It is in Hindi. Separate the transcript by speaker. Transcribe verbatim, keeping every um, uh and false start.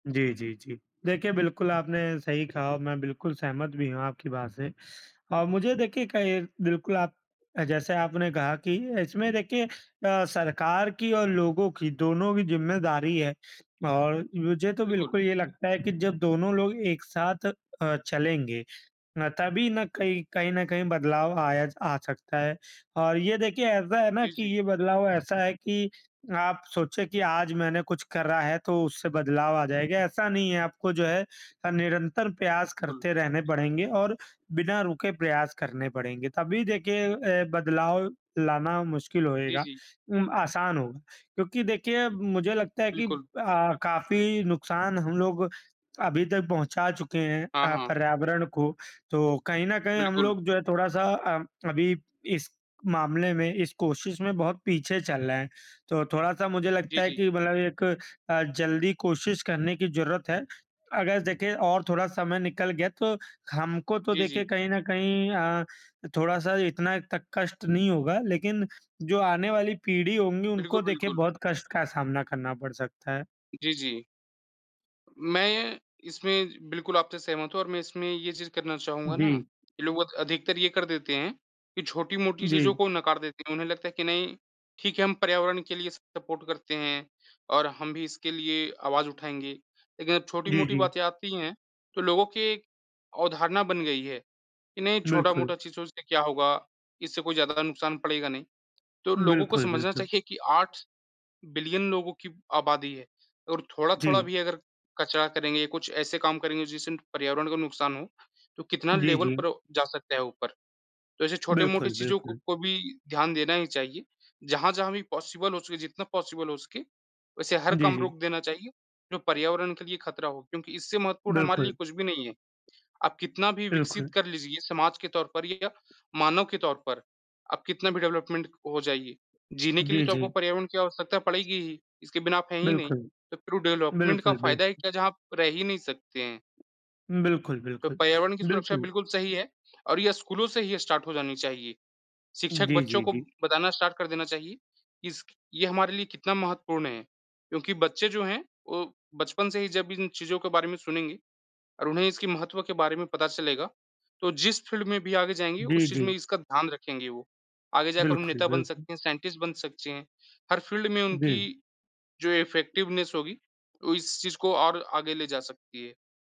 Speaker 1: जी, जी, जी। देखिए बिल्कुल, आपने सही कहा और मैं बिल्कुल सहमत भी हूँ आपकी बात से और मुझे देखिए, कहीं बिल्कुल आप जैसे आपने कहा कि इसमें देखिए अ, सरकार की और लोगों की, दोनों की ज़िम्मेदारी है और मुझे तो
Speaker 2: बिल्कुल।
Speaker 1: बिल्कुल ये लगता है कि जब दोनों लोग एक साथ अ, चलेंगे ना तभी ना कहीं कहीं न कहीं बदलाव आया आ सकता है और ये देखिए ऐसा है ना
Speaker 2: जी,
Speaker 1: कि
Speaker 2: जी।
Speaker 1: ये बदलाव ऐसा है कि आप सोचें कि आज मैंने कुछ करा है तो उससे बदलाव आ जाएगा, ऐसा नहीं है। आपको जो है अ, निरंतर प्रयास
Speaker 2: कुल।
Speaker 1: करते रहने पड़ेंगे और बिना रुके प्रयास करने पड़ेंगे। तभी देखिए अ, बदलाव लाना मुश्किल
Speaker 2: जी,
Speaker 1: होएगा
Speaker 2: जी।
Speaker 1: उम, आसान होगा क्योंकि देखिए मुझे लगता है कि
Speaker 2: बिल्कुल।
Speaker 1: अ, काफ़ी नुकसान हम लोग अभी तक पहुँचा चुके हैं
Speaker 2: हाँ,
Speaker 1: अ,
Speaker 2: हाँ।
Speaker 1: पर्यावरण को, तो कहीं न कहीं हम
Speaker 2: बिल्कुल।
Speaker 1: लोग जो है थोड़ा-सा अ, अभी इस मामले में, इस कोशिश में, बहुत पीछे चल रहे हैं। तो थोड़ा-सा मुझे
Speaker 2: जी,
Speaker 1: लगता है
Speaker 2: जी।
Speaker 1: कि मतलब एक अ, जल्दी कोशिश करने की ज़रूरत है। अगर देखें और थोड़ा समय निकल गया, तो हमको तो
Speaker 2: जी,
Speaker 1: देखें
Speaker 2: जी।
Speaker 1: कहीं न कहीं अ, थोड़ा-सा इतना तक कष्ट नहीं होगा, लेकिन जो आने वाली पीढ़ी होंगी,
Speaker 2: बिल्कुल,
Speaker 1: उनको देखें
Speaker 2: बिल्कुल।
Speaker 1: बहुत कष्ट का सामना करना पड़ सकता है।
Speaker 2: जी, जी। मैं ये इसमें बिल्कुल आपसे सहमत हूँ और मैं इसमें ये चीज़ करना चाहूँगा ना
Speaker 1: जी।
Speaker 2: कि लोग अध अधिकतर ये कर देते हैं कि छोटी-मोटी चीज़ों
Speaker 1: जी।
Speaker 2: को नकार देते हैं। उन्हें लगता है कि नहीं ठीक है हम पर्यावरण के लिए सपोर्ट करते हैं और हम भी इसके लिए आवाज़ उठाएँगे। लेकिन जब
Speaker 1: जी,
Speaker 2: छोटी-मोटी
Speaker 1: जी।
Speaker 2: बातें आती हैं, तो लोगों की एक अवधारणा बन गई है कि नहीं
Speaker 1: बिल्कुल।
Speaker 2: छोटा-मोटा चीज़ों से क्या होगा, इससे कोई ज़्यादा नुकसान पड़ेगा नहीं। तो लोगों को
Speaker 1: बिल्कुल,
Speaker 2: समझना
Speaker 1: बिल्कुल।
Speaker 2: चाहिए कि आठ बिलियन लोगों की आबादी है और थोड़ा-थोड़ा
Speaker 1: जी।
Speaker 2: भी अगर कचरा करेंगे या कुछ ऐसे काम करेंगे जिससे पर्यावरण को नुकसान हो, तो कितना
Speaker 1: जी,
Speaker 2: लेवल
Speaker 1: जी।
Speaker 2: पर जा सकता है ऊपर। तो ऐसे छोटे-मोटे
Speaker 1: बिल्कुल,
Speaker 2: चीज़ों
Speaker 1: बिल्कुल।
Speaker 2: को भी ध्यान देना ही चाहिए, जहाँ-जहाँ भी पॉसिबल हो सके, जितना पॉसिबल हो सके वैसे हर
Speaker 1: जी,
Speaker 2: काम
Speaker 1: जी।
Speaker 2: रोक देना चाहिए, जो पर्यावरण के लिए खतरा हो क्योंकि इससे महत्वपूर्ण हमारे लिए
Speaker 1: बिल्कुल।
Speaker 2: कुछ भी नहीं है। आप कितना भी विकसित
Speaker 1: बिल्कुल।
Speaker 2: कर लीजिए ये समाज के तौर पर या मानव के तौर पर, आप कितना भी डेवलपमेंट हो जाइए, जीने के लिए
Speaker 1: जी,
Speaker 2: तो आपको
Speaker 1: जी।
Speaker 2: पर्यावरण की आवश्यकता पड़ेगी ही इसके बिना आप हैं ही नहीं।
Speaker 1: बिल्कुल।
Speaker 2: तो फिर डेवलपमेंट का
Speaker 1: बिल्कुल,
Speaker 2: फ़ायदा ही
Speaker 1: बिल्कुल।
Speaker 2: क्या है जहाँ आप रह ही नहीं सकते हैं।
Speaker 1: बिल्कुल,
Speaker 2: तो
Speaker 1: बिल्कुल।
Speaker 2: पर्यावरण की सुरक्षा
Speaker 1: बिल्कुल।
Speaker 2: बिल्कुल सही है और ये स्कूलों से ही स्टार्ट हो जानी चाहिए। शिक्षक
Speaker 1: जी,
Speaker 2: बच्चों
Speaker 1: जी,
Speaker 2: को
Speaker 1: जी।
Speaker 2: बताना स्टार्ट कर देना चाहिए कि इसकी ये हमारे लिए कितना महत्वपूर्ण है क्योंकि बच्चे जो हैं वो बचपन से ही जब इन चीज़ों के बारे में सुनेंगे और उन्हें इसके महत्व के बारे में पता चलेगा, तो जिस फ़ील्ड में भी आगे जाएँगे
Speaker 1: जी,
Speaker 2: उस चीज़
Speaker 1: जी।
Speaker 2: में इसका ध्यान रखेंगे वो। आगे जाकर वो
Speaker 1: बिल्कुल,
Speaker 2: नेता बन
Speaker 1: बिल्कुल।
Speaker 2: सकते हैं, साइंटिस्ट बन सकते हैं, हर फ़ील्ड में
Speaker 1: जी।
Speaker 2: उनकी जो इफ़ेक्टिवनेस होगी वो इस चीज़ को और आगे ले जा सकती है।